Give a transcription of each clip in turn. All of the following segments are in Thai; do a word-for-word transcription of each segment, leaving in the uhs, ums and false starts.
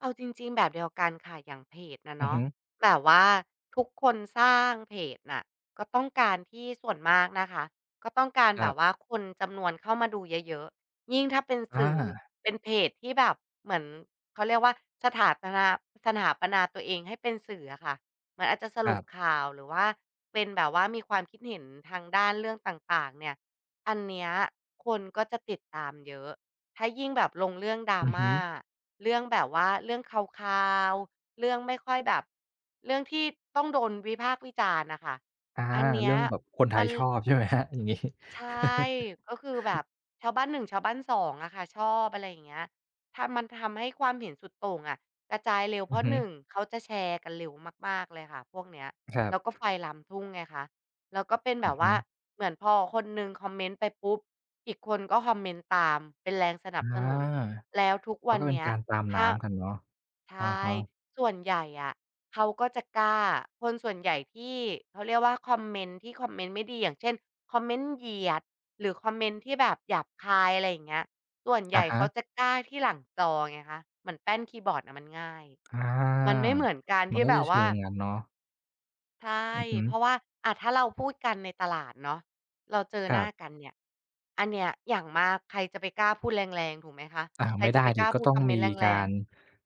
เอาจริง ๆ แบบเดียวกันค่ะ อย่างเพจน่ะอืเนอาฮะ ึ แบบว่าทุกคนสร้างเพจน่ะ ก็ต้องการที่ ส่วนมากนะคะ ก็ต้องการครแบับ บว่าคนจำนวนเข้ามาดูเยอะ ๆ ยิ่งถ้าเป็นอสื่อ า เป็นเพจที่แบบเหมือน เขาเรียกว่า สถาปลา สถาปนาตัวเองให้เป็นสื่ออะค่ะ เหมือนอาจจะสครรุัปบ ข่าว หรือว่าเป็นแบบว่า มีความคิดเห็นทางด้านเรื่องต่าง ๆ เนี่ย อันเนี้ย คนก็จะติดตามเยอะ ถ้ายิ่งแบบลงเรื่อง อือฮึ Drama เรื่องแบบว่า เรื่องคาว ๆ เรื่องไม่ค่อยแบบ เรื่องที่ต้องโดนวิพากษ์วิจารณ์น่ะค่ะ อา อันเนเีรื้่ยองแบบคนไทมัยน ชอบ ใช่ไหมครับ? อย่างงี้ ใช่ ก็คือแบบชาวบ้าน หนึ่ง ชาวบ้าน สอง อะค่ะ ชอบ อะไรอย่างเงี้ย ทา มันทำให้ความเห็นสุดโต่งอะกระจายเร็ว เอืพราอะ ฮึ หนึ่ง เขาจะแชร์กันเร็วมาก ๆ เลยค่ะ พวกเนี้ย ครัแล้วก็บ ไฟลามทุ่งไงคะ แล้วก็เป็นแอบืบอฮว่า ึ เหมือนพอคนหนึ่งคอมเมนต์ไปปุ๊บ อีกคนก็คอมเมนต์ตามเป็นแรงสนอับา สนุน แล้วทุกมวัันนก็เป็เนนี้ย การตามถน้า ้ำกันเนาะ ใชอะ่ ฮะ ส่วนใหญ่อะเขาก็จะกล้า คนส่วนใหญ่ที่ เขาเรียกว่า คอมเมนต์ที่คอมเมนต์ไม่ดี อย่างเช่น คอมเมนต์เหยียด หรือคอมเมนต์ที่แบบหยาบคาย อะไรอย่างเงี้ย ส่วนใอหญะ่ฮเขาะ จะกล้าที่หลังจอไงคะ เหมือนแป้นคีย์บอร์ดน่ะมันง่าย อา มันไม่เหมือนการมทันี่ก็แบจะบเชว่ิา งอย่างงั้นเนาะ ใช่ อือฮึ เพราะว่า อะ ถ้าเราพูด กันในตลาดเนาะ เราเจอครหน้ัาบ กันเนี่ย อันเนี่ย อย่างมาก ใครจะไปกล้าพูด แรง ๆ ถูกไหมคะ? อ้าว ใคไรม่จได้ะไปสกิ ล้าก็พูตด้อคงำเมมนีต์ แกราง รๆ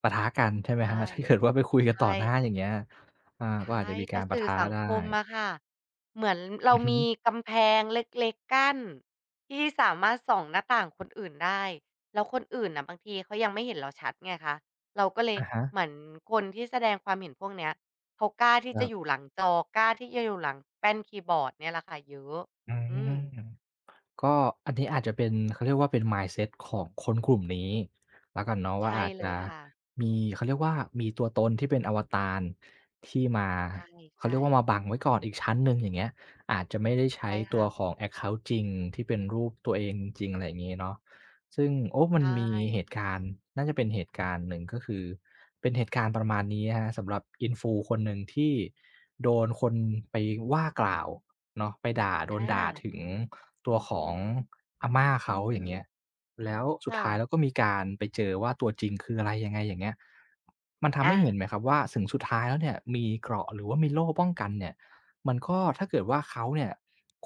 ปะทะกันใช่ไหใชม่ ครับ? ถ้าเกิดว่าไปคุยกใัชน ต่อหน้า ่ อย่างเงี้ย อา ใชก็อาจ่ จะมีแกต่ารปสะื่ทอะสังได้ คมอะค่ะ เหมือนเรอาือฮึ มีกำแพงเล็ก ๆ กั้น ที่สามารถส่องหน้าต่างคนอื่น ได้ แล้วคนอื่นน่ะ บางทีเขายังไม่เห็นเราชัดไงคะ เราก็เลอย ะฮะ เหมือนคนที่แสดงความเห็นพวกเนี้ย เขากล้าที่ครจัะบ อยู่หลังจอ กล้าที่จะอยู่หลังแป้นคีย์บอร์ดเนี่ยแหละค่ะ เยอะ อือืม ม ก็ อันนี้อาจจะเป็น เขาเรียกว่าเป็น mindset ของคนกลุ่มนี้ แล้วกันเนาะใวช่า ่อาจเลจะยค่ะ มี เขาเรียกว่า มีตัวตนที่เป็นอวตาร ที่มา ใช่ เขใชาเรียกว่า ่ มาบังไว้ก่อนอีกชั้นหนึ่ง อย่างเงี้ย อาจจะไม่ได้ใชใ้ช่คตั่วะ ของ แอ็กเคานต์ จริงที่เป็นรูปตัวเองจริง ๆ อะไรอย่างนี้เนาะ ซึ่ง โอ้ มใัชนมีเห่ ตุการณ์ น่าจะเป็นเหตุการณ์หนึ่ง ก็คือเป็นเหตุการณ์ประมาณนี้ครับ สำหรับ Influ คนหนึ่ง ที่โดนคนไปว่ากล่าว เนาะ ไปด่า โดอนด่าา ถึงตัวของอาม่าเขาอย่างเงี้ย แล้ว สคุด่ท้ายะ แล้วก็มีการไปเจอว่า ตัวจริงคืออะไรยังไง อย่างเงี้ย มันทำอให้เห็า นนะครับว่าสึงสุดท้ายแล้วเนี่ย มีเกราะหรือว่ามีโล่ป้องกันเนี่ย มันก็ ถ้าเกิดว่าเขาเนี่ย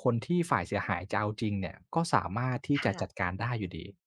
คนที่ฝ่ายเสียหายจะเอาจริงเนี่ย ก็สามารถที่คจ่ะจะ ัดการได้อยู่ดี